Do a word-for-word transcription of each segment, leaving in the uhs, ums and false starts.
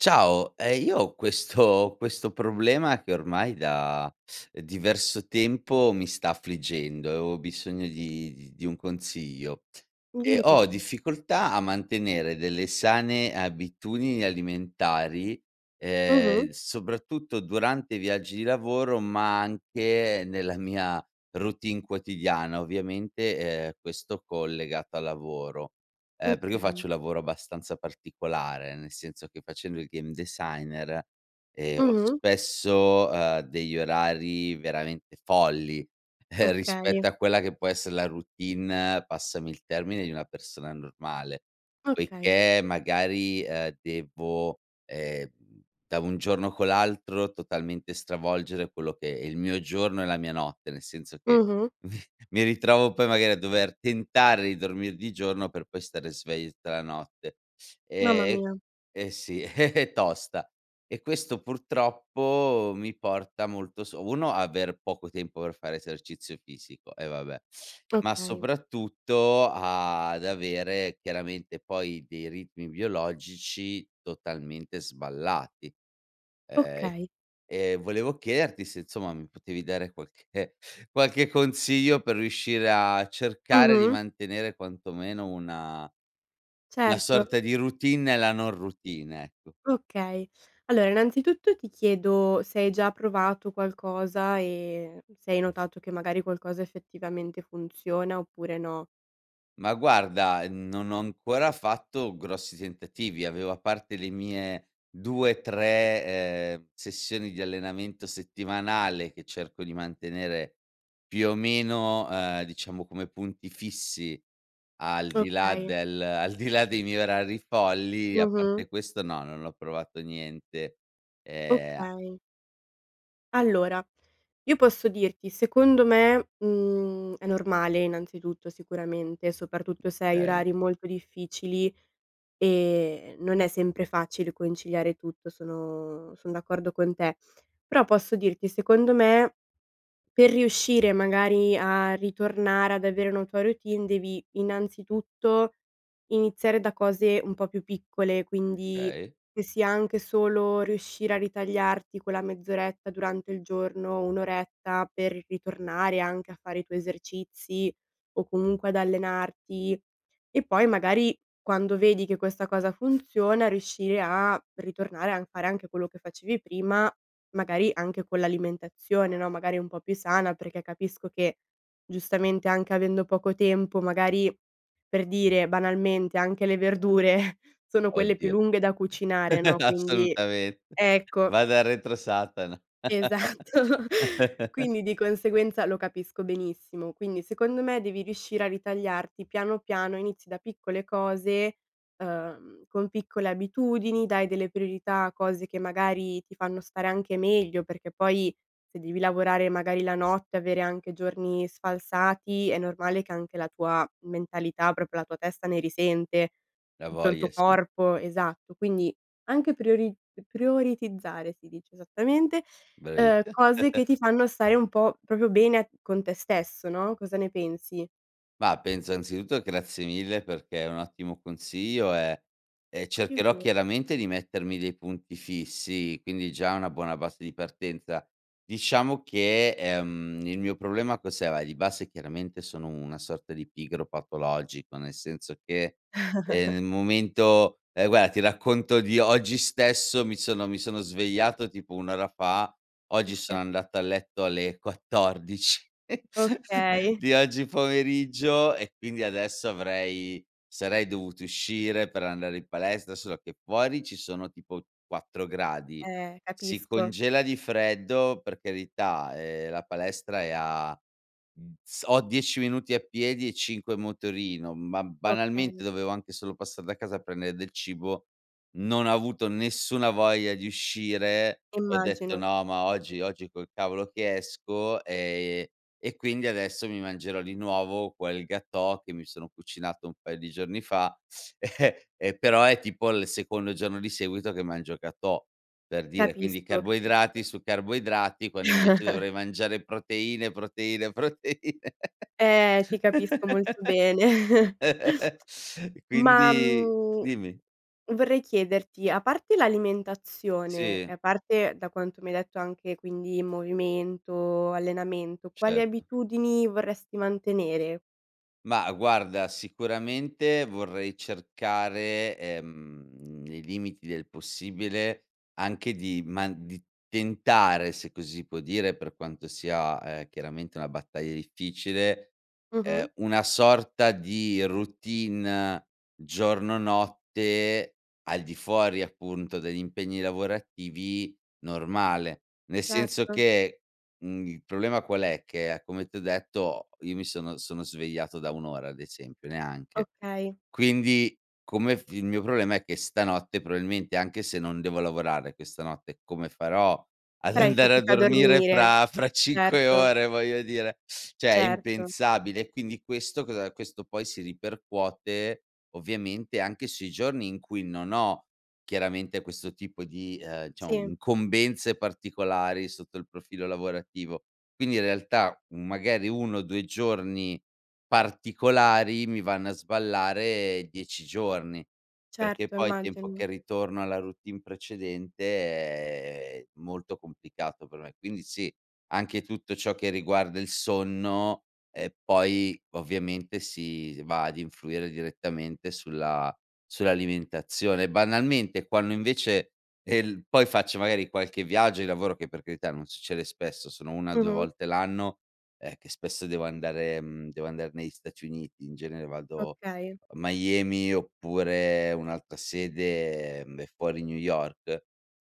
Ciao, ehm, io ho questo questo problema che ormai da diverso tempo mi sta affliggendo e ho bisogno di di di un consiglio. Ehm, Dimmi ho tutto. difficoltà a mantenere delle sane abitudini alimentari, Mh-mh. ehm, soprattutto durante i viaggi di lavoro, ma anche nella mia routine quotidiana, ovviamente ehm, questo collegato al lavoro. Eh, perché io Okay. faccio un lavoro abbastanza particolare, nel senso che facendo il game designer, ehm, ho Mh-mh. spesso, uhm, degli orari veramente folli, Okay. rispetto a quella che può essere la routine, passami il termine, di una persona normale. Okay. Poiché magari ehm, devo, ehm, da un giorno con l'altro totalmente stravolgere quello che è il mio giorno e la mia notte, nel senso che, Mh-mh. mi ritrovo poi magari a dover tentare di dormire di giorno per poi stare svegli tutta la notte. Mamma Ehm mia. eh sì, è tosta. E questo purtroppo mi porta molto s uno, aver poco tempo per fare esercizio fisico, e vabbè, ma Okay. soprattutto ad avere chiaramente poi dei ritmi biologici totalmente sballati. Ehm, Okay. e volevo chiederti se insomma mi potevi dare qualche qualche consiglio per riuscire a cercare di Mh-mh. mantenere quanto meno una una Certo. sorta di routine e nella non routine, ecco. Okay, allora innanzitutto ti chiedo se hai già provato qualcosa e se hai notato che magari qualcosa effettivamente funziona oppure no. Ma, guarda, mhmm, non ho ancora fatto grossi tentativi, avevo a parte le mie due, tre, ehm, sessioni di allenamento settimanale che cerco di mantenere, più o meno, ehm, diciamo, come punti fissi, al di là Okay. del al di là dei miei orari folli, a Mh-mh. parte questo no, non ho provato niente, ehm Okay. Allora, io posso dirti: secondo me, mhmm, è normale, innanzitutto, sicuramente, soprattutto se hai kay. orari molto difficili, ehm, non è sempre facile conciliare tutto, sono sono d'accordo con te. Però posso dirti, secondo me, per riuscire magari a ritornare ad avere una tua routine devi, innanzitutto, iniziare da cose un po' più piccole, quindi kay. che sia anche solo riuscire a ritagliarti quella mezz'oretta durante il giorno, un oretta per ritornare anche a fare i tuoi esercizi o comunque ad allenarti. E poi magari quando vedi che questa cosa funziona, riuscire a ritornare a fare anche quello che facevi prima, magari anche con l'alimentazione, no, magari un po' più sana, perché capisco che, giustamente, anche avendo poco tempo, magari, per dire, banalmente, anche le verdure sono quelle più Oddio. lunghe da cucinare, no, quindi Assolutamente, ecco. Vada retro, Satana. Esatto. Quindi di conseguenza lo capisco benissimo, quindi, secondo me, devi riuscire a ritagliarti piano piano, inizi da piccole cose, ehm, con piccole abitudini, dai delle priorità a cose che magari ti fanno stare anche meglio perché, poi, se devi lavorare magari la notte e avere anche giorni sfalsati, è normale che anche la tua mentalità, propio la tua testa ne risente, La tutto il voglia, tuo sì. corpo esatto. Quindi anche priori prioritizzare, si dice, esattamente, ehm, bravissa. cose che ti fanno stare un po' propio bene con te stesso, no, cosa ne pensi? Ma penso, anzitutto, grazie mille, perché è un ottimo consiglio, ehm, e cercherò, [unintelligible] chiaramente, di mettermi dei punti fissi, quindi già è una buona base di partenza. Diciamo che, ehm, il mio problema, cos'era? Di base, chiaramente, sono una sorta di pigro patologico, nel senso che, ehm, nel momento ehm, guarda, ti racconto di oggi stesso: mi sono mi sono svegliato tipo un ora fa, oggi Oka sono andato a letto alle quattordici Okay. di oggi pomeriggio e quindi adesso avrei sarei dovuto uscire per andare in palestra, solo che fuori ci sono tipo quattro gradi, Eh, si capisco. congela di freddo, per carità, ehm, la palestra è a, uhm, s ho dieci minuti a piedi e cinque in motorino, ma Okay. banalmente dovevo anche solo passar da casa a prendere del cibo; non ho avuto nessuna voglia di uscire e ho detto: Immagino. "No, ma oggi oggi col cavolo che esco", ehm, e quindi adesso mi mangerò di nuovo quel gâteau che mi sono cucinato un paio di giorni fa, ehm, però è tipo il secondo giorno di seguito che mangio gâteau, per dire, quindi Capisco, capisco. carboidrati su carboidrati, quando, invece, dovrei mangiare proteine, proteine proteine Eh, ti capisco molto bene. e Ma, quindi mhmm, dimmi. vorrei chiederti: a parte l'alimentazione Sì. e a parte, da quanto mi hai detto, anche, quindi, movimento, allenamento, quali Certo. abitudini vorresti mantenere? Mah guarda, sicuramente vorrei cercare, ehm, nei limiti del possibile, anche di man di tentare, se così si può dire, per quanto sia, ehm, chiaramente una battaglia difficile, ehm, Mh-mh. una sorta di routine giorno notte, al di fuori, appunto, degli impegni lavorativi, normale. Nel senso Certo. che mhmm, il problema qual è, che come ti ho detto, io mi sono sono svegliato da un ora ad esempio, neanche. Okay. Quindi, come f il mio problema è che stanotte proabilmente, anche se non devo lavorare questa notte, come farò ad Farai andare a fatica a dormire dormire. fra fra cinque Certo. ore voglio dire, ceh è Certo. impensabile e quindi questo cosa questo poi si ripercuote, ovviamente anche sui giorni in cui non ho chiaramente questo tipo di, ehm, diciamo Sì. incombenze particolari sotto il profilo lavorativo. Quindi in realtà, mhmm, magari uno o due giorni particolari mi vanno a sballare dieci giorni. Perché Certo, poi tempo immagino. che ritorno alla routine precedente è molto complicato per me, quindi sì, anche tutto ciò che riguarda il sonno, e poi ovviamente si va ad influire direttamente sulla sull'alimentazione e banalmente e quando invece, è il poi faccio magari qualche viaggio di lavoro, che per carità, non succede spesso, sono una due Mh-mh. volte l'anno, eh, che spesso devo andare, uhm, devo andar negli Stati Uniti, in genere vado Okay. a Miami oppure un'altra sede, ehm, è fuori New York.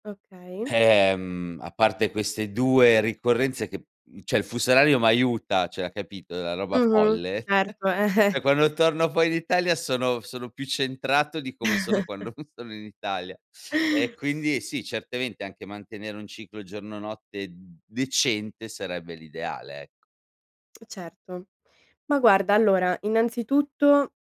Okay. Ehm, a parte queste due ricorrenze che, mhmm, ceh il fuso orario m'aiuta, ceh capito, la roba Mh-mh. folle, Certo, eh eh. ceh quando torno poi in Italia sono sono più centrato di come sono quando non sono in Italia e quindi sì, certamente anche mantenere un ciclo giorno notte d decente sarebbe l'ideale, ecco. Certo. Ma guarda allora, innanzitutto,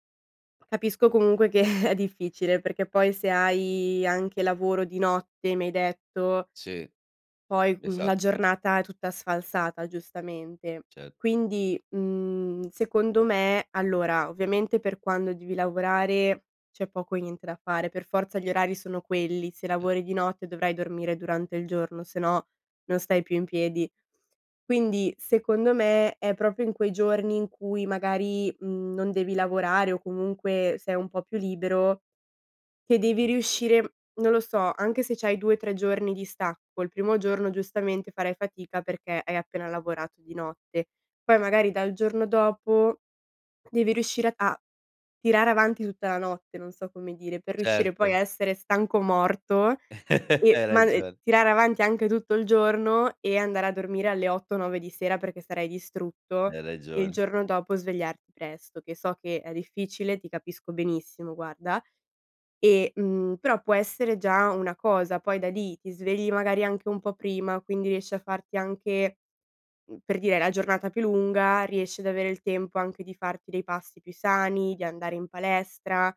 capisco comunque che è difficile, perché poi se hai anche lavoro di notte, mi hai detto Sì. poi, mhmm, Esa la giornata è tutta sfalsata giustamente, Cer quindi, mhmm, secondo me allora, ovviamente per quando devi lavorare, c'è poco e niente da fare, per forza gli orari sono quelli, se E lavori di notte dovrai dormire durante il giorno, sennò non stai più in piedi. Quindi secondo me è propio in quei giorni in cui magari, mhmm, non devi lavorare o comunque sei un po' più libero, che devi riuscire non lo so, anche se c'hai due tre giorni di stacco, il primo giorno giustamente farai fatica perché hai appena lavorato di notte, poi magari dal giorno dopo devi riuscire a tirare avanti tutta la notte, non so come dire, per riuscire poi Certo. a essere stanco morto, e Hai ma, ehm, ragion tirare avanti anche tutto il giorno e andare a dormire alle otto nove di sera perché sarai distrutto, Hai e il ragione. giorno dopo svegliarti presto che so che è difficile, ti capisco benissimo, guarda, e, mhmm, però può essere già una cosa, poi da lì ti svegli magari anche un po' prima, quindi riesci a farti anche, mhmm, per dire hai la giornata più lunga, riesci ad avere il tempo anche di farti dei passi più sani, di andare in palestra,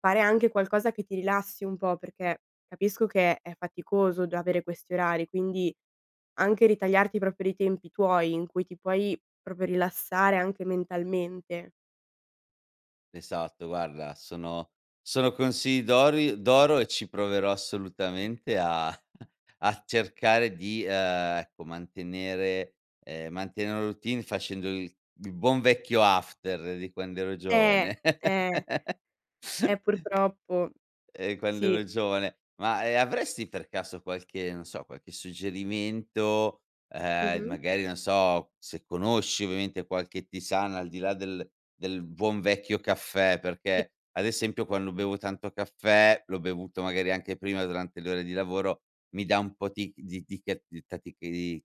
fare anche qualcosa che ti rilassi un po', perché capisco che è faticoso già avere questi orari, quindi, anche ritagliarti propio dei tempi tuoi in cui ti puoi propio rilassare anche mentalmente. Esatto, guarda, sono sono consigli d'ori d'oro e ci proverò assolutamente a a cercare di, ehm, ecco, mantenere ehm, mantenere una routine facendo il il buon vecchio after di quando ero Eh, giovane. eh. Eh, purtroppo Eh, quando sì. ero giovane. Ma, ehm, avresti per caso qualche non so, qualche suggerimento, ehm, Mh-mh. magari non so, se conosci ovviamente, qualche tisana al di là del del buon vecchio caffè [unintelligible] perché, ad esempio quando bevo tanto caffè, l'ho bevuto magari anche prima durante le ore di lavoro, mi dà un po' tic di di ca di tatichi di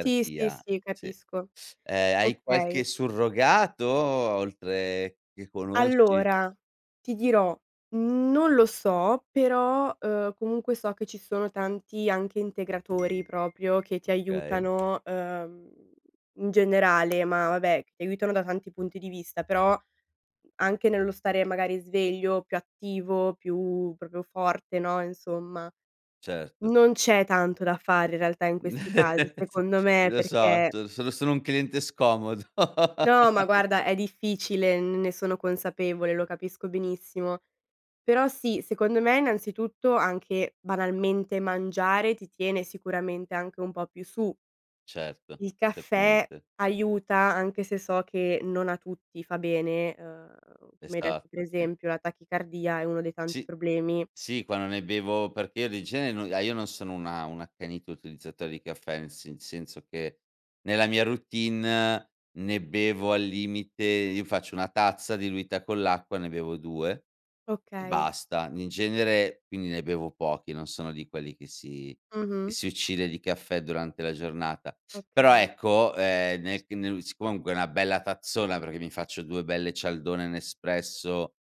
Sì, sì, sì, sì. capisco. Ehm, hai qualche Okay. surrogato oltre che conosci? Allora ti dirò, non lo so, però, uhm, comunque so che ci sono tanti anche integratori proprio che ti Okay. aiutano, uhm, in generale, ma vabbè, che aiutano da tanti punti di vista, però, anche nello stare magari sveglio, più attivo, più proprio forte, no, insomma. Certo. Non c'è tanto da fare in realtà in questi casi, s secondo me, lo so, perché sono sono sono un cliente scomodo. No, ma guarda, è difficile, n ne sono consapevole, lo capisco benissimo. Però sì, secondo me innanzitutto anche banalmente, mangiare ti tiene sicuramente anche un po' più su. Certo, Il caffè certamente. aiuta anche se so che non a tutti fa bene, ehm, tu mi hai detto per Esatto, sì. esempio la tachicardia è uno dei tanti Sì problemi. sì, quando ne bevo perché io di genere no ah, io non sono una un accanito utilizzatore di caffè nel se senso che, nella mia routine ne bevo al limite io faccio una tazza diluita con l'acqua, ne bevo due, e Okay. basta, in genere quindi ne bevo pochi, non sono di quelli che si che Mh-mh. si uccide di caffè durante la giornata. Però Okay. ecco, ehm, nel che nel si comunque una bella tazzona, perché mi faccio due belle cialdone Nespresso,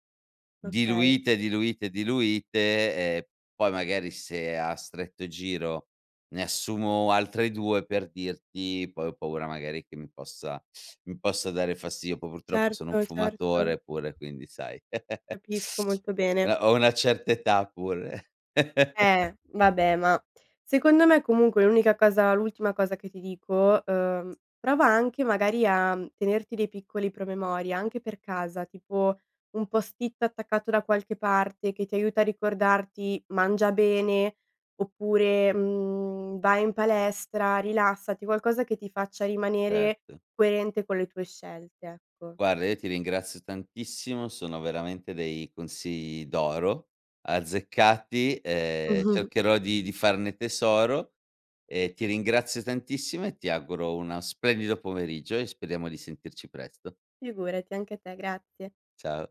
Okay. diluite diluite diluite, ehm, poi magari se a stretto giro ne assumo altre due, per dirti, poi ho paura magari che mi possa mi possa dare fastidio, poi purtroppo sono un Certo, certo. fumatore pure quindi sai. Capisco molto bene. Una ho una certa età pure. Eh, vabbè, ma secondo me comunque l'unica cosa l'ultima cosa che ti dico, uhm, prova anche magari a, mhmm, tenerti dei piccoli promemoria anche per casa, tipo, un post-it attaccato da qualche parte che ti aiuta a ricordarti: "Mangia bene." Oppure, mhmm: "Vai in palestra, rilassati." Qualcosa che ti faccia rimanere Certo. coerente con le tue scelte, ecco. Guarda, io ti ringrazio tantissimo, sono veramente dei consigli d'oro, azzeccati, ehm, cercherò di di farne tesoro, e ti ringrazio tantissimo e ti auguro una splendido pomeriggio e speriamo di sentirci presto. Figurati, anche te, grazie. Ciao.